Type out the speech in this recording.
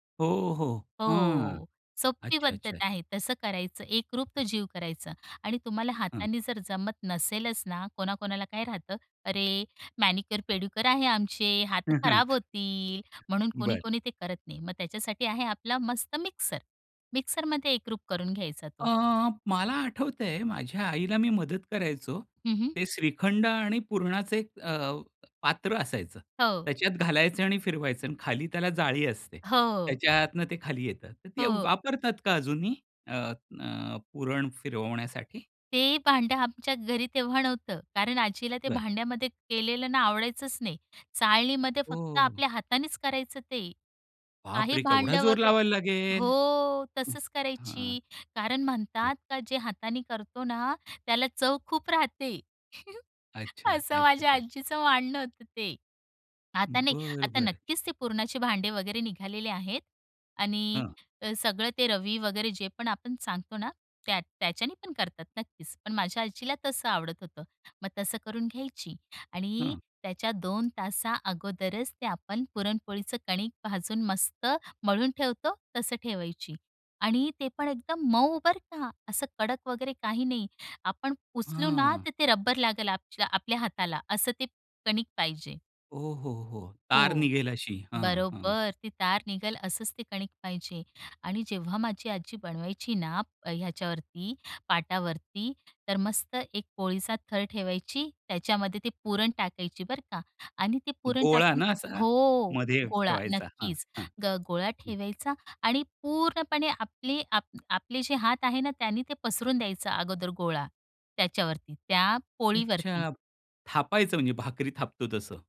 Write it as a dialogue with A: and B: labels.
A: हो, हो, हां,
B: हो, सोपी
A: अच्छा,
B: पद्धत
A: अच्छा.
B: आहे. तसं करायचं, एकरूप तो जीव करायचं. आणि तुम्हाला
A: हं.
B: हातानी जर जमत नसेलच ना, कोणा-कोणाला काय राहतं, "अरे! मॅनिक्युअर-पेडिक्युअर आहे आमचे, हात
A: हं, हं.
B: खराब होतील" म्हणून
A: बरं.
B: कोणी-कोणी ते करत नाही. मग त्याच्यासाठी आहे आपला मस्त मिक्सर; मिक्सरमध्ये एकरूप करून घ्यायचा
A: अ,
B: तो.
A: मला आठवतंय माझ्या आईला मी मदत करायचो.
B: हं, हं.
A: ते श्रीखंड आणि पुरणाचं एक अ, पात्र असायचं.
B: हो.
A: त्याच्यात घालायचं आणि फिरवायचं आणि खाली त्याला जाळी असते.
B: हो.
A: त्याच्यातनं ते खाली येतं. तर ती
B: हो.
A: वापरतात का अजूनही अ, अ, पुरण फिरवण्यासाठी?
B: ते भांडं आमच्या घरी तेव्हा नव्हतं, कारण आजीला ते
A: बरं.
B: भांड्यामध्ये केलेलं ना आवडायचंच नाही! चाळणीमध्ये फक्त
A: हो.
B: आपल्या हातानेच करायचं ते. काही
A: बापरे! केवढा
B: भांडं
A: जोर
B: वगैरे
A: लावायला लागेल?
B: हो, तसच
A: हां.
B: करायची; कारण म्हणतात का, जे हाताने करतो ना त्याला चव खूप राहते
A: अच्छा,
B: असं
A: अच
B: माझ्या
A: च्छा.
B: आजीचं मानणं होतं ते. आता नाही,
A: बरं,
B: आता
A: बरं.
B: नक्कीच ते पुरणाचे भांडं वगैरे निघालेले आहेत. आणि
A: हं.
B: सगळं ते रवी वगैरे जे पण आपण सांगतो ना त्या त्याच्याने पण करतात नक्कीच; पण माझ्या आजीला तसं आवडत होतं. मग तसं करून घ्यायची आणि
A: हं.
B: त्याच्या 2 तासा अगोदरच ते आपण पुरणपोळीचं कणिक भाजून मस्त मळून ठेवतो तसं ठेवायची; आणि ते पण एकदम मऊ बरं का! असं कडक वगैरे काही नाही; आपण उचलू ना
A: हं.
B: तर ते रबर लागेल आप आपल्या हाताला, असं ते कणिक पाहिजे.
A: ओ, हो, हो. तार
B: हो,
A: निघेल अशी हां, हां.
B: बरोबर. ती तार निघेल असंच ते कणिक पाहिजे आणि जेव्हा माझी आजी बनवायची ना; अ, ह्याच्यावरती पाटावरती तर मस्त एक पोळीचा थर ठेवायची त्याच्यामध्ये ते पुरण टाकायची बरं का आणि ते पुरण
A: गोळा
B: टाकून
A: ना असा?
B: हो,
A: मध्ये
B: गोळा
A: ठेवायचा. हां,
B: नक्कीच
A: हां,
B: ग गोळा
A: हं.
B: ठेवायचा आणि पूर्णपणे आपले आप आपले जे हात आहे ना त्याने ते पसरून द्यायचं अगोदर गोळा, त्याच्यावरती त्या पोळीवरती.
A: अच्छा, थापायचं म्हणजे भाकरी थापतो तसं?